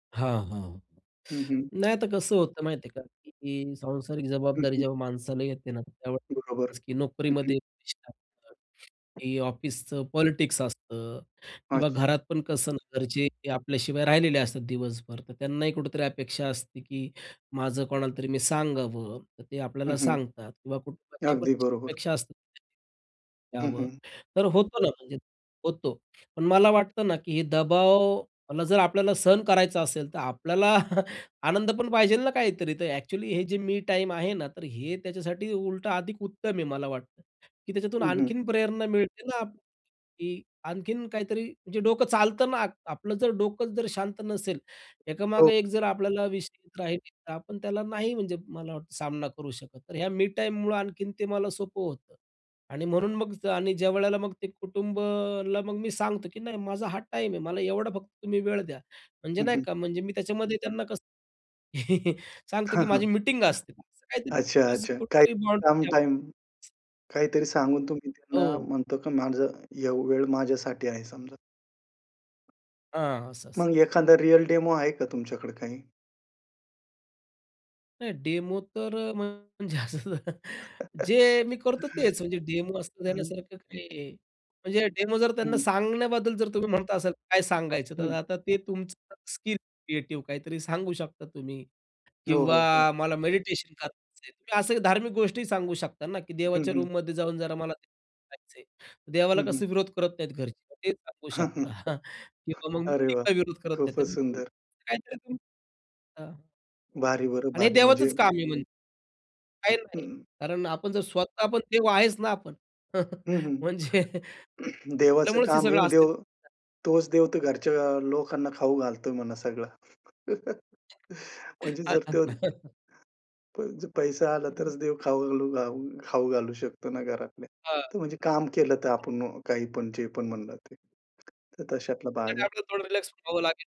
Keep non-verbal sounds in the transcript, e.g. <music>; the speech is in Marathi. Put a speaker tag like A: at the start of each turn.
A: हां, हां.
B: हं, हं.
A: नाही, आता कसं होत माहिती आहे का, की सांसारिक
B: हं,
A: जबाबदारी
B: हं.
A: जेव्हा माणसाला येते ना,
B: बरोबर.
A: त्यावेळेस की
B: हं, हं.
A: नोकरीमध्ये डिस्टन्स होतात. हे ऑफिसचं पॉलिटिक्स असतं किंवा
B: अच्छा.
A: घरात पण कसं ना, घरचे आपल्या शिवाय राहिलेले असतात दिवसभर, तर त्यांनाही कुठेतरी अपेक्षा असते की माझं कोणालातरी मी सांगावं तर ते
B: हं,
A: आपल्याला
B: हं.
A: सांगतात किंवा कुटुंबाच्या पण
B: अगदी
A: काही
B: बरोबर.
A: अपेक्षा असतात <unintelligible> त्यांनी
B: हं,
A: यावं,
B: हं.
A: तर होतो ना म्हणजे होतो. पण मला वाटतं ना की हे दबावला जर आपल्याला सहन करायचं असेल, तर आपल्याला आनंद पण पाहिजेल ना काहीतरी तर ॲक्चुअली हे जे मी टाईम आहे ना, तर हे त्याच्यासाठी उलटं अधिक उत्तम आहे मला वाटतं. की त्याच्यातून
B: हं, हं.
A: आणखीन प्रेरणा मिळते ना की आणखीन काहीतरी म्हणजे डोकं चालत ना, आप आपलं जर डोकंच जर शांत नसेल,
B: हो.
A: एकामागे एक जर आपल्याला विशेष चिंता राहील, तर आपण त्याला नाही म्हणजे मला वाटतं सामना करू शकत. तर ह्या मी टाईममुळं आणखीन ते मला सोपं होतं. आणि म्हणून मग आणि ज्यावेळेला मग ते कुटुंबाला मग मी सांगतो की "नाही, माझा हा टाईम आहे, मला एवढा फक्त तुम्ही वेळ द्या." म्हणजे
B: हं,
A: नाही
B: हं.
A: का म्हणजे मी त्याच्यामध्ये त्यांना कसं <chuckles>
B: हां, हां
A: सांगतो की माझी
B: <chuckles>
A: मीटिंग असते. काहीतरी उगाच
B: अच्छा-अच्छा. काही
A: कुठेतरी बाउंड्री
B: काम,
A: ठेव
B: टाईम काहीतरी सांगून तुम्ही त्यांना
A: हो.
B: म्हणतो की माझं हे वेळ माझ्यासाठी आहे समजा.
A: हां, असं-असं.
B: मग एखादा रिअल डेमो आहे का तुमच्याकडे काही?
A: नाही डेमो तर अ, म्हणजे असं
B: <chuckles>
A: <chuckles> जे मी करतो तेच, म्हणजे डेमो असण्या-नसण्या
B: हं.
A: सारखं काही, म्हणजे डेमो जर त्यांना
B: हं.
A: सांगण्याबद्दल जर तुम्ही म्हणत असाल काय सांगायचं तर
B: हं.
A: आता ते तुमचं स्किल क्रिएटिव्ह काहीतरी सांगू शकता तुम्ही
B: हो,
A: किंवा
B: हो, हो.
A: मला मेडिटेशन करायचं आहे. असं धार्मिक गोष्टी सांगू शकता ना की
B: हं,
A: देवाच्या
B: हं.
A: रूममध्ये जाऊन जरा मला <unintelligible> करायचंय
B: हं,
A: देवाला
B: हं.
A: कसा विरोध करत नाहीत घरचे ते सांगू शकता
B: <chuckles>
A: <chuckles> किंवा मग
B: अरे
A: मी
B: वाह!
A: काही विरोध करत नाहीत
B: खूपच
A: मग तुम्ही
B: सुंदर.
A: असं काहीतरी तुम्ही हां.
B: भारी बरं,
A: आणि हे
B: भारी म्हणजे
A: देवाचच काम आहे म्हणजे काही नाही.
B: हं.
A: कारण आपण जर स्वतः पण देव आहेच ना आपण, <chuckles>
B: हं, हं.
A: म्हणजे
B: <clears throat> देवाचं
A: आपल्यामुळेच हे
B: काम आहे
A: सगळं
B: आणि देव
A: आस्तित्व <unintelligible>
B: तोच देव तर घरच्या लोकांना खाऊ घालतोय म्हणा सगळं. <chuckles> म्हणजे
A: हां,
B: जर
A: हां.
B: तो दे
A: <chuckles>
B: प पैसा आला
A: हं, हं.
B: तरच देव खाऊ घाऊ खाऊ घालू शकतो ना घरातल्या.
A: हां.
B: तर म्हणजे काम केलं तर आपण काहीपण जे पण म्हणलं ते. तर तशातला भाग
A: त्याच्यासाठी
B: आहे.
A: आपल्याला थोडं रिलॅक्स व्हावं लागेल.